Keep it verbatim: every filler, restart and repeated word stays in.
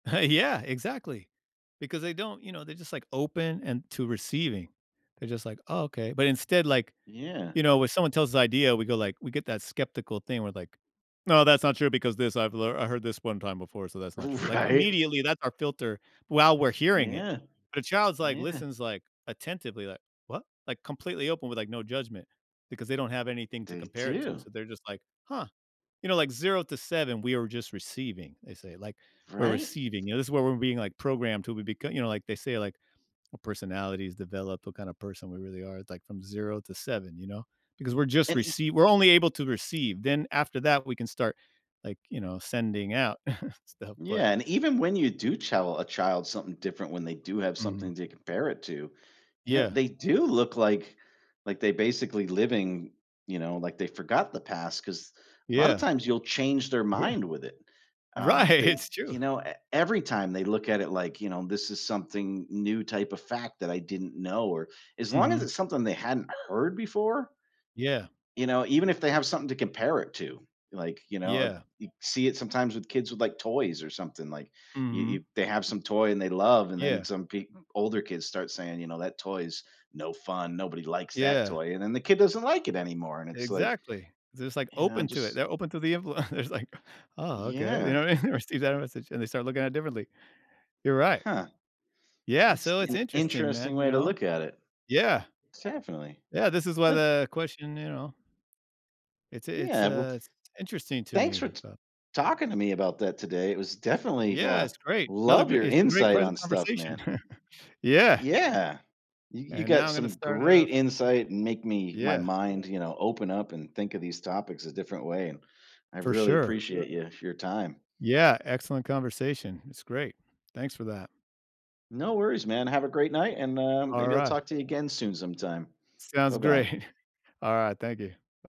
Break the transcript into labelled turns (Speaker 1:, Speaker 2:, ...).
Speaker 1: Oh, yeah, exactly. Because they don't, you know, they're just, like, open and to receiving. They're just, like, "Oh, okay." But instead, like
Speaker 2: Yeah.
Speaker 1: you know, when someone tells us idea, we go, like we get that skeptical thing where, like, "No, that's not true because this I've lear I heard this one time before, so that's not true." Like,
Speaker 2: Right.
Speaker 1: immediately that's our filter while we're hearing it.
Speaker 2: Yeah.
Speaker 1: The child’s, like,
Speaker 2: Yeah.
Speaker 1: listens, like, attentively, like, “What?” Like, completely open with, like, no judgment because they don't have anything to
Speaker 2: They
Speaker 1: compare it to,
Speaker 2: do.
Speaker 1: so they're just, like, "Huh." You know, like, “Zero to seven, we are just receiving.” They say, like, "We're
Speaker 2: Right?
Speaker 1: receiving." Yeah, this is where we're being, like, programmed till we beco you know, like, they say, like, "Our personalities develop, what kinda person we really are, it's, like, from zero to seven," you know, because we're just
Speaker 2: And e
Speaker 1: recei were only able to receive, then after that we can start, like, you know, sending out stuff, but
Speaker 2: Yeah, and even when you do tell a child something different, when they do have
Speaker 1: Mhm.
Speaker 2: something to compare it to, you know,
Speaker 1: Yeah.
Speaker 2: they do look like like, they basically living, you know, like, they forgot the past 'cause lotta
Speaker 1: Yeah.
Speaker 2: times you'll change their
Speaker 1: Yeah.
Speaker 2: mind with it. Um,
Speaker 1: Right.
Speaker 2: they,
Speaker 1: It's true.
Speaker 2: you know e every time they look at it, like, you know this is something new type of fact that I didn't know or as long as
Speaker 1: Mhm.
Speaker 2: it's something they hadn't heard before
Speaker 1: Yeah.
Speaker 2: you know, even if they have something to compare it to, like, you know ab
Speaker 1: Yeah.
Speaker 2: you see it sometimes with kids with, like, toys or something, like you
Speaker 1: Mhm.
Speaker 2: you've they have some toy and they love and
Speaker 1: Yeah.
Speaker 2: then some peop older kids start saying, you know, "That toys, no fun. Nobody likes that
Speaker 1: Yeah.
Speaker 2: toy." And then the kid doesn't like it anymore, and it's, like,
Speaker 1: Exactly. They're just
Speaker 2: you know,
Speaker 1: open to it
Speaker 2: just
Speaker 1: they're open to the envelo There's, like “Ah, okay.” You know
Speaker 2: Yeah.
Speaker 1: what I mean? [unintelligible] and they start looking at it differently. You're right.
Speaker 2: Huh.
Speaker 1: Yeah,
Speaker 2: That's
Speaker 1: so it's
Speaker 2: an
Speaker 1: interesting,
Speaker 2: interesting
Speaker 1: man, you
Speaker 2: way to
Speaker 1: know?
Speaker 2: look at it.
Speaker 1: Yeah.
Speaker 2: Definitely.
Speaker 1: Yeah, this is why
Speaker 2: Ah
Speaker 1: the question, you know It's a it's
Speaker 2: Yeah, well
Speaker 1: a s interesting to
Speaker 2: thanks
Speaker 1: me,
Speaker 2: for t
Speaker 1: but
Speaker 2: talking to me about that today, it was definitely,
Speaker 1: Yeah,
Speaker 2: uh,
Speaker 1: it's great. Another
Speaker 2: love
Speaker 1: gre
Speaker 2: your
Speaker 1: it's a great
Speaker 2: insight
Speaker 1: ques
Speaker 2: on stuff,
Speaker 1: conversation.
Speaker 2: man.
Speaker 1: Yeah.
Speaker 2: Yeah, you you
Speaker 1: And now
Speaker 2: got
Speaker 1: I'm gonna
Speaker 2: some
Speaker 1: start off
Speaker 2: great insight and make me my
Speaker 1: Yeah.
Speaker 2: mind, you know, open up and think of these topics a different way, and I
Speaker 1: For
Speaker 2: really
Speaker 1: sure.
Speaker 2: appreciate you for your time.
Speaker 1: Yeah. Excellent conversation. It's great. Thanks for that.
Speaker 2: No worries, man. Have a great night, and, um, maybe I'll
Speaker 1: Alright.
Speaker 2: talk to you again soon sometime.
Speaker 1: Sounds
Speaker 2: Bye-bye.
Speaker 1: great. Alright, thank you.